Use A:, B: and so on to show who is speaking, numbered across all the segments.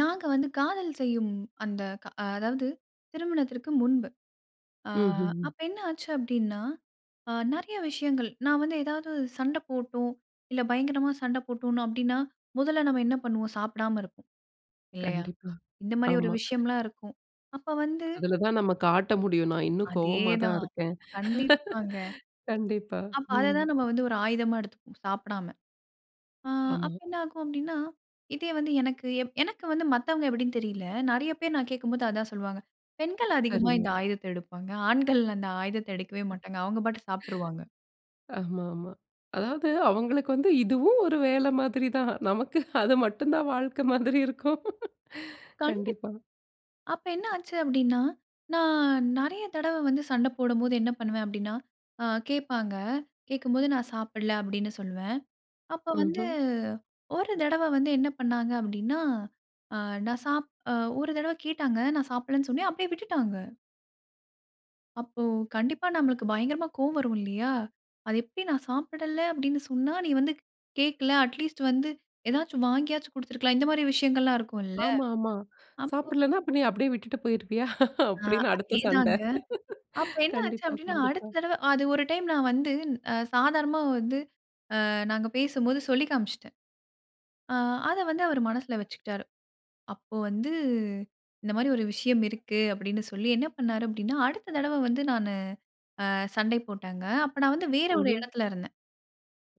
A: நாங்க வந்து காதல் செய்யும். அந்த, க அதாவது திருமணத்திற்கு முன்பு. அ
B: ம்ஹ்ம்.
A: அப்ப என்ன ஆச்சு? அப்டின்னா, நெறைய விஷயங்கள் நான் வந்து ஏதாவது சண்ட போட்டோம். இல்ல பயங்கரமா சண்ட போட்டோம்னு அப்டின்னா, முதல்ல நம்ம என்ன பண்ணுவோம்? சாப்பிடாம இருப்போம். இல்லையா?
B: கண்டிப்பா.
A: இந்த மாரி ஒரு
B: ஆமா.
A: விஷயம்லாம் இருக்கும். அப்ப வந்து
B: அதில தான் நம்ம காட்ட முடியும். நான் இன்னும் கோவமா தான்
A: அதேதான்.
B: இருக்கேன்.
A: கண்டிப்பாங்க.
B: கண்டிப்பா.
A: அப்ப அத தான்
B: ம்.
A: நம்ம வந்து ஒரு ஆயுதமா எடுத்துப்போம் சாப்பிடாம. ஆ, அப்ப
B: ஆமா.
A: என்ன ஆகும்? அப்டின்னா, இதே வந்து எனக்கு எனக்கு வந்து மத்தவங்க எப்டின்னு தெரியல. நெறைய பேர் நான் கேட்கும்போது, அதான் சொல்லுவாங்க. பெண்கள் அதிகமா
B: அரும.
A: இந்த ஆயுதத்த எடுப்பாங்க. ஆண்கள் அந்த ஆயுதத்த எடுக்கவே மாட்டாங்க. அவங்க பாட்டுக்கு சாப்ட்டுருவாங்க.
B: ஆமாமா. அதாவது அவங்களுக்கு வந்து இதுவும் ஒரு வேல மாரி தான். நமக்கு அது மட்டும் தான் வாழ்க்க மாதிரி இருக்கும்.
A: கண்டிப்
B: கண்டிப்பா.
A: அப்ப என்ன ஆச்சு? அப்டின்னா, நான் நெறைய தடவ வந்து சண்ட போடும்போது என்ன பண்ணுவேன்? அப்டின்னா அ கேப்பாங்க. கேக்கும்போது நான் சாப்பிடல அப்டின்னா சொல்லுவேன். அப்ப வந்து
B: ம்ஹ்ம்.
A: 1 தடவ வந்து என்ன பண்ணாங்க? அப்டின்னா, அ நான் சாப் 1 தடவ கேட்டாங்க நான் சாப்புட்லன்னு சொன்னேன். அப்டியே விட்டுட்டாங்க. அப்போ கண்டிப்பா நம்மளுக்கு பயங்கரமா கோவம் வரும் இல்லையா? "அது எப்டி நான் சாப்பிடல அப்டின்னு சொன்னா, நீ வந்து கேக்கல. அட்லீஸ்ட் வந்து ஏதாச்சும் வாங்கியாச்சும் குடுத்துருக்கலாம்" இந்த மாரி விஷயங்கள்லாம் இருக்கும்ல்ல.
B: ஆமா. ஆமா.
A: அப்போ
B: "சாப்பிடலனா அப்ப நீ அப்டியே விட்டுட்டு போயிருவியா?"
A: ஆ.
B: அப்டின்னு அடுத்த
A: அதே
B: சண்ட.
A: தாங்க. அப்ப என்ன ஆச்சு?
B: கண்டிப்பா,
A: அப்டின்னா, அடுத்த
B: கண்டிப்பா.
A: தடவ அ அது 1 டைம் நான் வந்து அ சாதாரணமா வந்து ஆ நாங்க பேசும்போது சொல்லி காம்ச்சுட்டேன். ஆ அத வந்து அவர் மனசுல வச்சுக்கிட்டாரு. அப்போ வந்து இந்த மாரி ஒரு விஷயம் இருக்கு அப்டின்னு சொல்லி, என்ன பண்ணாரு? அப்டின்னா அடுத்த தடவ வந்து நானு அ சண்டை போட்டாங்க. அப்ப நான் வந்து வேற ஒரு
B: ம்ஹ்ம்.
A: இடத்துல இருந்தேன்.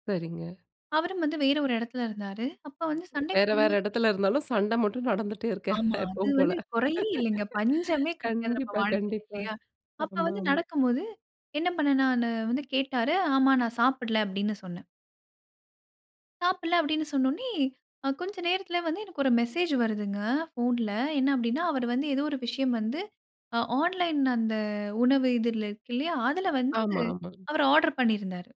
B: சரிங்க.
A: அவரும் வந்து வேற ஒரு இடத்துல இருந்தாரு. அப்ப வந்து சண்டை
B: வேற, வேற
A: போடும்போது
B: இடத்துல இருந்தாலும் சண்ட மட்டும் நடந்துட்டே இருக்க
A: ஆமா. அது
B: எப்பவும் போல.
A: வந்து குறையே இல்லங்க. பஞ்சமே கிடையாது நம்ம
B: கண்டிப்பா
A: வாழ்க்கையில
B: கண்டிப்பா.
A: இல்லையா? அப்ப வந்து
B: ஆமாமா.
A: நடக்கும்போது, என்ன பண்ணனா நானு வந்து கேட்டாரு. ஆமா நான் சாப்பிடல அப்டின்னு சொன்னேன். சாப்பிடல அப்டின்னு சொன்னோனே, அ கொஞ்ச நேரத்தில வந்து எனக்கு ஒரு மெசேஜ் வருதுங்க. ஃபோன்ல. என்ன அப்டின்னா, அவர் வந்து ஏதோ ஒரு விஷயம் வந்து அ ஆன்லைன் அந்த உணவு இதுல இருக்கு இல்லையா, அதுல வந்து
B: ஆமா, ஆமா.
A: அவர் ஆர்டர் பண்ணியிருந்தாரு.